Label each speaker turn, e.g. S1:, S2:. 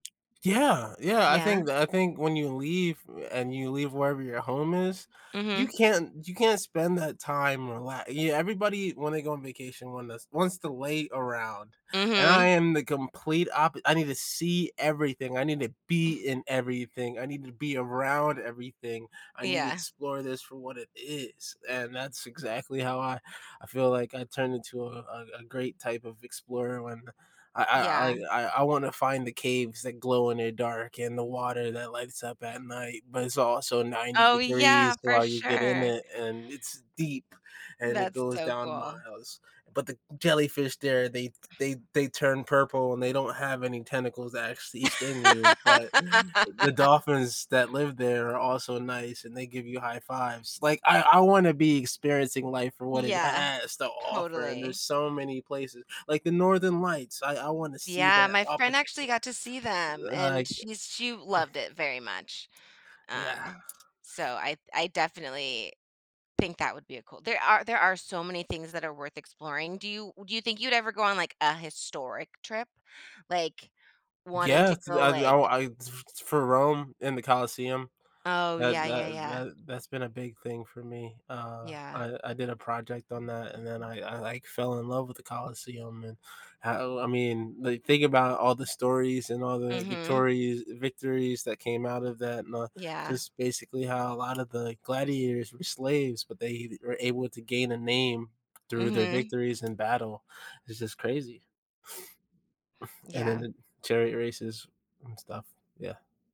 S1: Yeah, yeah, I
S2: Yeah.
S1: think I think when you leave and you leave wherever your home is, you
S2: Mhm.
S1: can't you can't spend that time rela yeah, everybody, when they go on vacation, one that's wants to lay around, and I
S2: Mhm.
S1: am the complete oppo I need to see everything, I need to be in everything, I need to be around everything. I need to
S2: Yeah.
S1: explore this for what it is, and that's exactly how I I feel like I turned into a a great type of explorer when I I
S2: Yeah.
S1: I I I wanna find the caves that glow in the dark and the water that lights up at night, but it's also 90
S2: Oh, yeah,
S1: degrees
S2: for
S1: while you get in
S2: sure.
S1: it, and it's deep, and it
S2: That's
S1: goes
S2: so
S1: down
S2: cool.
S1: miles, but the jellyfish there, they they they turn purple, and they don't have any tentacles that actually sting you, but the dolphins that live there are also nice, and they give you high 5s. Like, I I wanna be experiencing life for what it
S2: Yeah,
S1: has to offer, and there's
S2: totally.
S1: so many places, like the northern lights, I I wanna see
S2: Yeah,
S1: that
S2: my
S1: oppo
S2: friend actually got to see them and
S1: like
S2: she's she loved it very much.
S1: Yeah.
S2: Um, so I I definitely think that would be a cool There are, there are so many things that are worth exploring, do you do you think you'd ever go on like a historic trip, like wanting to
S1: Yes,
S2: go
S1: I
S2: like
S1: I [unintelligible] f f or Rome in the Colosseum,
S2: Oh
S1: that
S2: yeah, yeah,
S1: that
S2: yeah.
S1: that that's been a big thing for me. Uh,
S2: Yeah.
S1: I I did a project on that, and then I I like fell in love with the Colosseum, and how I mean they think about all the stories and all the
S2: Mhm.
S1: victorious victories that came out of that, and the
S2: Yeah.
S1: just basically how a lot of the gladiators were slaves, but they were able to gain a name through their
S2: Mhm.
S1: victories in battle. It's just crazy. And then
S2: Yeah.
S1: the chariot races and stuff, yeah.